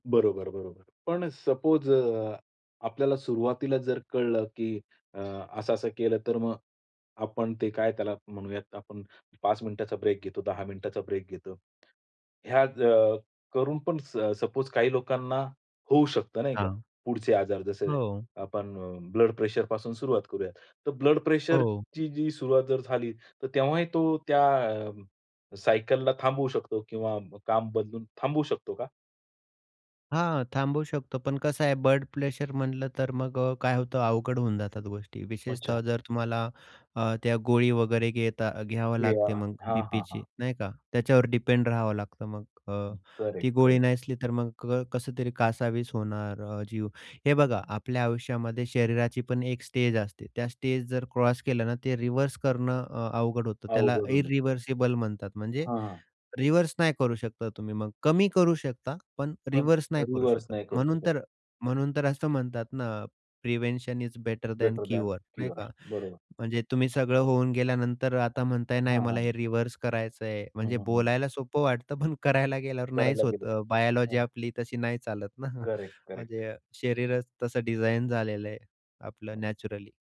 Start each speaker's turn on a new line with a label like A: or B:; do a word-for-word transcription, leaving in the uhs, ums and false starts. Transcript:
A: बरोबर, बरोबर. पण सपोज अ, आपल्याला सुरुवातीला जर कळलं की अ, असं-असं केलं तर मग आपण ते काय त्याला म्हणूया आपण पाच मिनिटाचा ब्रेक घेतो, दहा मिनिटाचा ब्रेक घेतो. ह्या ज करून पण स सपोज काही लोकांना होऊ शकतं नाही का.
B: हां.
A: पुढचे आजार जसे
B: हो.
A: आपण ब्लड प्रेशरपासून सुरुवात करूया. तर ब्लड
B: हो.
A: प्रेशरची जी सुरुवात जर झाली तर तेव्हाही तो त्या अ, सायकलला थांबवू शकतो किंवा काम बदलून थांबवू शकतो का?
B: हां, थांबवू शकतो पण कसं आहे ब्लड प्लेशर म्हटलं तर मग अ, काय होतं अवघड होऊन जातात गोष्टी विशेषतः
A: अच्छा.
B: जर तुम्हाला अ, त्या गोळी वगैरे घेता घ्यावं
A: हे
B: लागते
A: हां,
B: मग
A: हां, हां, हां.
B: बीपीची नाही का त्याच्यावर डिपेंड राहावं लागतं मग अ, ती
A: करेक्ट,
B: गोळी
A: करेक्ट.
B: नाही असली तर मग कसं तरी कासावीस होणार अ, जीव. हे बघा आपल्या आयुष्यामध्ये शरीराची. पण एक स्टेज असते. त्या स्टेज जर क्रॉस केलं ना, ते रिव्हर्स करणं अ, अवघड होतं त्याला
A: अवघड होतं.
B: इरिव्हर्सिबल म्हणतात म्हणजे
A: हां, हां.
B: रिव्हर्स नाही करू शकता तुम्ही मग. कमी करू शकता पण
A: पण
B: रिव्हर्स नाही करू
A: रिव्हर्स
B: शकत.
A: नाही करू
B: म्हणून
A: शकत.
B: तर म्हणून तर असं म्हणतात ना, "prevention is better than
A: better than
B: cure," नाही का.
A: क्युअर बरोबर.
B: म्हणजे तुम्ही सगळं होऊन गेल्यानंतर आता म्हणताय नाही
A: हां, हां.
B: मला हे रिव्हर्स करायचंय.
A: हं,
B: म्हणजे
A: हं, हं.
B: बोलायला सोपं वाटतं, पण करायला गेल्यावर नाहीच
A: करायला गेले
B: होतं. अ,
A: तर
B: बायोलॉजी
A: हां.
B: आपली तशी नाही चालत ना.
A: करेक्ट, करेक्ट
B: म्हणजे शरीरच तसं डिझाइन झालेलं आहे आपलं
A: हो.
B: नॅचरली.